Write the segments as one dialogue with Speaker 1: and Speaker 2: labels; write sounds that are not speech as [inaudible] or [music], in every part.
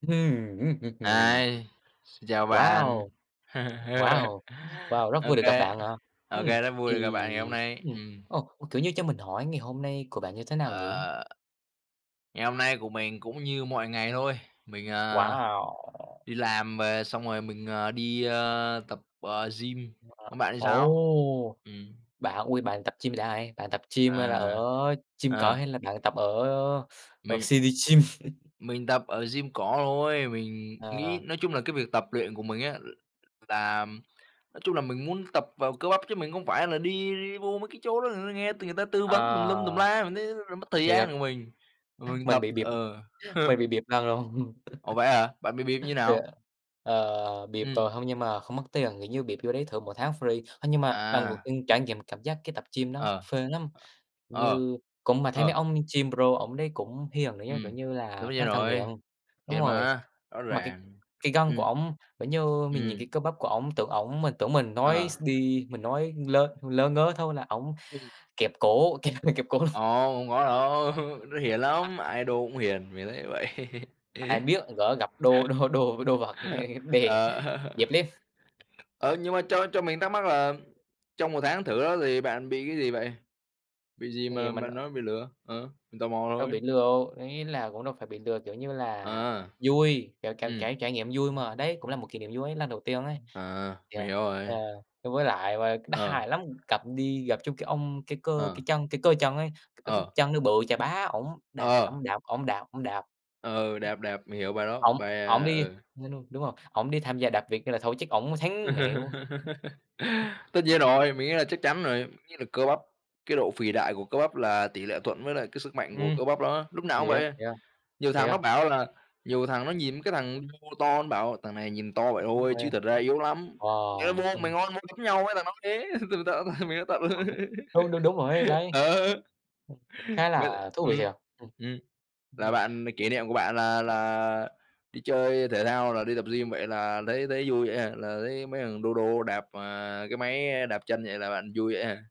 Speaker 1: [humming]
Speaker 2: Ây, xin chào bạn.
Speaker 1: Wow.
Speaker 2: [laughs]
Speaker 1: Wow, wow, rất vui
Speaker 2: OK,
Speaker 1: được gặp bạn ạ.
Speaker 2: OK,
Speaker 1: Ừm,
Speaker 2: rất vui được gặp
Speaker 1: thì,
Speaker 2: bạn ngày hôm nay.
Speaker 1: ừm,
Speaker 2: Ừm.
Speaker 1: ờ, ừ, kiểu như, cho mình hỏi ngày hôm nay của bạn như thế nào nhỉ?
Speaker 2: Ờ. Ngày hôm nay của mình cũng như mọi ngày thôi. Mình, à,
Speaker 1: Wow.
Speaker 2: đi làm về xong rồi mình, ờ, đi, ơ, tập, ờ, gym. Còn
Speaker 1: Ờ,
Speaker 2: bạn thì sao?
Speaker 1: ồ!
Speaker 2: Ừm.
Speaker 1: Bạn, ôi, bạn tập gym [unintelligible] bạn tập gym là ở
Speaker 2: À,
Speaker 1: gym cỏ
Speaker 2: ờ.
Speaker 1: hay là bạn tập ở, ờ,
Speaker 2: Mình
Speaker 1: CITIGYM? [chuckles]
Speaker 2: Mình tập ở gym cỏ thôi. Mình nghĩ
Speaker 1: Ờ.
Speaker 2: nói chung là cái việc tập luyện của mình á, l là nói chung là mình muốn tập vào cơ bắp, chứ mình không phải là đi vô mấy cái chỗ đó [unintelligible] nghe người ta tư vấn tùm lum tùm
Speaker 1: Ờ,
Speaker 2: la, mình thấy [unintelligible] mất thời
Speaker 1: thiệt.
Speaker 2: gian của mình. Mà mình
Speaker 1: Mình
Speaker 2: tập
Speaker 1: bị bịp,
Speaker 2: ờ.
Speaker 1: mình
Speaker 2: [chuckles]
Speaker 1: bị bịp lần rồi.
Speaker 2: Ủa
Speaker 1: [laughs]
Speaker 2: vậy hả? Bạn bị bịp như
Speaker 1: Thiệt.
Speaker 2: nào?
Speaker 1: Ờ, bịp
Speaker 2: Ừm.
Speaker 1: rồi, hông nhưng mà không mất tiền. Kiểu như bịp vô đấy thử mỗi tháng free. Ơ, nhưng mà lần đầu
Speaker 2: À.
Speaker 1: tiên trải nghiệm cảm giác cái tập gym nó
Speaker 2: Ờ.
Speaker 1: phê lắm.
Speaker 2: Ờ,
Speaker 1: Như cũng mà thấy mấy
Speaker 2: ờ.
Speaker 1: ông gym pro ổng đấy cũng hiền nữa chứ, kiểu
Speaker 2: Ừm,
Speaker 1: như là,
Speaker 2: đúng
Speaker 1: khá
Speaker 2: vậy
Speaker 1: là thân
Speaker 2: rồi,
Speaker 1: thiện. Đúng
Speaker 2: thiệt
Speaker 1: rồi.
Speaker 2: mà, rõ
Speaker 1: Mà cái
Speaker 2: ràng,
Speaker 1: cái gân của
Speaker 2: ừm.
Speaker 1: ổng, kiểu như, mình
Speaker 2: Ừm.
Speaker 1: nhìn cơ bắp của ổng tưởng ổng mà tưởng mình nói
Speaker 2: Ờ.
Speaker 1: s đi, mình nói lớ lớ ngớ thôi là ổng
Speaker 2: Ừm.
Speaker 1: kẹp cổ kẹp [unintelligible] kẹp cổ luôn.
Speaker 2: Ờ, không có đâu, [chuckles] nó hiền lắm, ai đô cũng hiền, mình thấy vậy.
Speaker 1: Ai biết, gỡ gặp đô đô đô với đô vật ha
Speaker 2: [laughs]
Speaker 1: đè
Speaker 2: Ờ.
Speaker 1: dẹp lép.
Speaker 2: [laughs] Ờ, nhưng mà cho cho mình thắc mắc là trong 1 tháng thử đó thì bạn bị cái gì vậy? Bị gì
Speaker 1: Thì
Speaker 2: mà
Speaker 1: mình,
Speaker 2: mà
Speaker 1: ờ
Speaker 2: nói bị lừa? Ờ, mình tò mò
Speaker 1: Đâu
Speaker 2: thôi.
Speaker 1: bị lừa đâu, ý là cũng đâu phải bị lừa. Kiểu như là
Speaker 2: À.
Speaker 1: vui, kiểu cảm
Speaker 2: Ừm.
Speaker 1: cảm trải nghiệm vui mà. Đấy cũng là một kỷ niệm vui ấy, lần đầu tiên ấy.
Speaker 2: À,
Speaker 1: Thì,
Speaker 2: mình
Speaker 1: ờ,
Speaker 2: hiểu
Speaker 1: ờ,
Speaker 2: rồi.
Speaker 1: ơ, với lại và đó
Speaker 2: Ờ.
Speaker 1: hài lắm. Gặp đi gặp trúng cái ông, cái cơ
Speaker 2: Ờ.
Speaker 1: cái chân cái cơ chân ấy, c cái bắp
Speaker 2: Ờ.
Speaker 1: chân nó bự chà bá, ổng đạp,
Speaker 2: Ờ.
Speaker 1: ổng đạp, ổng đạp, ổng đạp.
Speaker 2: Ờ, ừ, đẹp, đẹp, mình hiểu bài đó,
Speaker 1: Ổng
Speaker 2: bài,
Speaker 1: ổng
Speaker 2: à
Speaker 1: đi
Speaker 2: ừ
Speaker 1: [unintelligible] đúng rồi, ổng đi tham gia đạp vịt nữa là thôi chắc ổng thắng mẹ luôn.
Speaker 2: [laughs] Tất nhiên rồi, mình nghĩ là chắc chắn rồi, nghĩ là cơ bắp cái độ phì đại của cơ bắp là tỉ lệ thuận với lại cái sức mạnh của
Speaker 1: Ừm,
Speaker 2: cơ bắp đó, lúc nào cũng
Speaker 1: thiệt,
Speaker 2: vậy.
Speaker 1: thiệt,
Speaker 2: Nhiều thằng
Speaker 1: thiệt.
Speaker 2: nó bảo là nhiều thằng nó nhìn cái thằng đô to nó bảo: "Thằng này nhìn to vậy thôi, chứ thật ra
Speaker 1: [unintelligible]
Speaker 2: yếu lắm, mày có
Speaker 1: Wow,
Speaker 2: vô mày
Speaker 1: ừm.
Speaker 2: ngon đấm nhau với thằng đó thế" [laughs] [unintelligible] mình đã tận rồi.
Speaker 1: [unintelligible] Đúng, đúng, đúng rồi ấy, đấy.
Speaker 2: [laughs]
Speaker 1: Ừm,
Speaker 2: Ờ.
Speaker 1: cũng khá
Speaker 2: Bớt
Speaker 1: là thú vị
Speaker 2: ừm,
Speaker 1: thiệt. Ừm.
Speaker 2: ừm, là
Speaker 1: Ừm.
Speaker 2: bạn m kỷ niệm của bạn là
Speaker 1: [unintelligible]
Speaker 2: là đi chơi thể thao, là đi tập gym vậy là thấy thấy vui vậy hả? Là thấy mấy thằng đô đô đạp, à, cái máy đạp chân vậy là bạn vui vậy hả?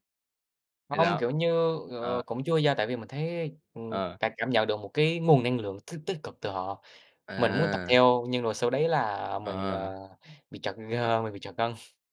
Speaker 2: Thì
Speaker 1: Hông,
Speaker 2: đó,
Speaker 1: kiểu như, ờ,
Speaker 2: ờ.
Speaker 1: cũng chưa nha. Tại vì mình thấy, ừm,
Speaker 2: Ờ.
Speaker 1: cảm cảm nhận được một cái nguồn năng lượng tích tích cực từ họ. Mình muốn tập
Speaker 2: À.
Speaker 1: theo, nhưng rồi sau đấy là mình,
Speaker 2: Ờ.
Speaker 1: ờ, bị trật,
Speaker 2: Ờ.
Speaker 1: ơ, mình bị trật gân. [sniffs]